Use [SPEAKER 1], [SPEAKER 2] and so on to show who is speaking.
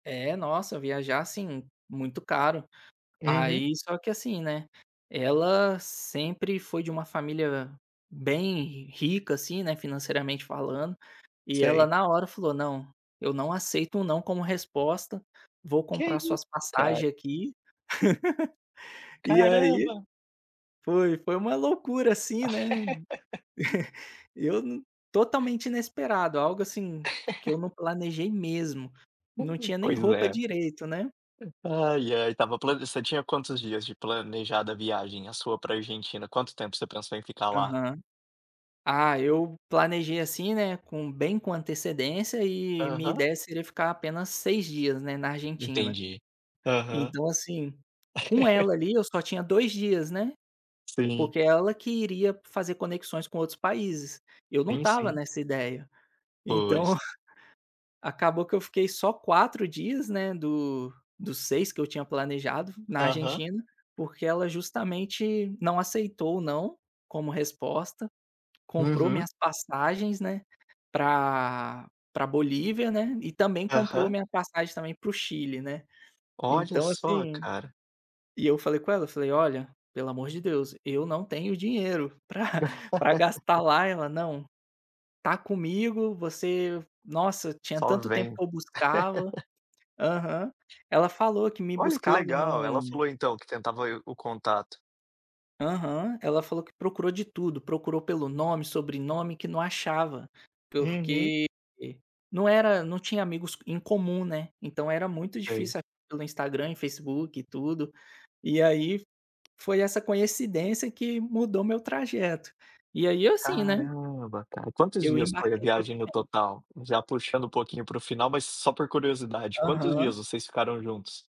[SPEAKER 1] É, nossa, viajar, assim, muito caro.
[SPEAKER 2] Uhum.
[SPEAKER 1] Aí só que assim, né, ela sempre foi de uma família bem rica, assim, né, financeiramente falando, e ela
[SPEAKER 2] Sei.
[SPEAKER 1] na hora falou: "Não, eu não aceito um “não” como resposta, vou
[SPEAKER 2] Que
[SPEAKER 1] comprar
[SPEAKER 2] isso?
[SPEAKER 1] suas
[SPEAKER 2] Caramba.
[SPEAKER 1] passagem aqui. E aí,
[SPEAKER 2] Caramba.
[SPEAKER 1] foi foi uma loucura assim, né, eu n totalmente inesperado, algo assim, que eu não planejei mesmo, não
[SPEAKER 2] Uhum.
[SPEAKER 1] tinha nem
[SPEAKER 2] Pois
[SPEAKER 1] roupa
[SPEAKER 2] é.
[SPEAKER 1] direito, né.
[SPEAKER 2] Ai ai, estava plane você tinha quantos dias de planejada viagem, a sua pra Argentina? Quanto tempo você pensou em ficar lá?
[SPEAKER 1] Aham. Ah, eu planejei assim, né, com bem com antecedência e minha
[SPEAKER 2] Aham.
[SPEAKER 1] ideia seria ficar apenas 6 dias, né, na Argentina.
[SPEAKER 2] Entendi. Aham.
[SPEAKER 1] Então, assim, com ela ali eu só tinha 2 dias, né,
[SPEAKER 2] Sim.
[SPEAKER 1] porque ela que iria fazer conexões com outros países, eu não
[SPEAKER 2] Sim,
[SPEAKER 1] estava
[SPEAKER 2] sim.
[SPEAKER 1] nessa ideia. Então,
[SPEAKER 2] Pois.
[SPEAKER 1] acabou que eu fiquei só 4 dias, né, do dos 6 que eu tinha planejado na
[SPEAKER 2] Aham.
[SPEAKER 1] Argentina, porque ela justamente não aceitou o “não”, como resposta. Comprou
[SPEAKER 2] Uhum.
[SPEAKER 1] minhas passagens, né, pra pra Bolívia, né, e também comprou a
[SPEAKER 2] Aham.
[SPEAKER 1] minha passagem também para o Chile, né.
[SPEAKER 2] Olha
[SPEAKER 1] Então,
[SPEAKER 2] só,
[SPEAKER 1] assim,
[SPEAKER 2] cara.
[SPEAKER 1] e eu falei com ela, falei: "Olha, pelo amor de Deus, eu não tenho dinheiro pra pra gastar lá", ela: "Não, tá comigo, você" nossa, tinha
[SPEAKER 2] Só
[SPEAKER 1] tanto tempo
[SPEAKER 2] vem.
[SPEAKER 1] que eu buscava Aham. Ela falou que me
[SPEAKER 2] Olha, que
[SPEAKER 1] buscava
[SPEAKER 2] legal, ela
[SPEAKER 1] no
[SPEAKER 2] falou então que tentava e o contato.
[SPEAKER 1] Aham, ela falou que procurou de tudo, procurou pelo nome, sobrenome, que não achava,
[SPEAKER 2] Uhum.
[SPEAKER 1] porque, eh, não era não tinha amigos em comum, né. Então era muito
[SPEAKER 2] Sei.
[SPEAKER 1] difícil pelo Instagram e Facebook e tudo e aí, f foi essa coincidência que mudou meu trajeto. E aí assim, né
[SPEAKER 2] Caramba, cara. Quantos
[SPEAKER 1] eu
[SPEAKER 2] dias foi a
[SPEAKER 1] embarquei
[SPEAKER 2] viagem no
[SPEAKER 1] totalmente.
[SPEAKER 2] total? Já puxando um pouquinho para o final, mas só por curiosidade, quantos
[SPEAKER 1] Aham.
[SPEAKER 2] dias vocês ficaram juntos?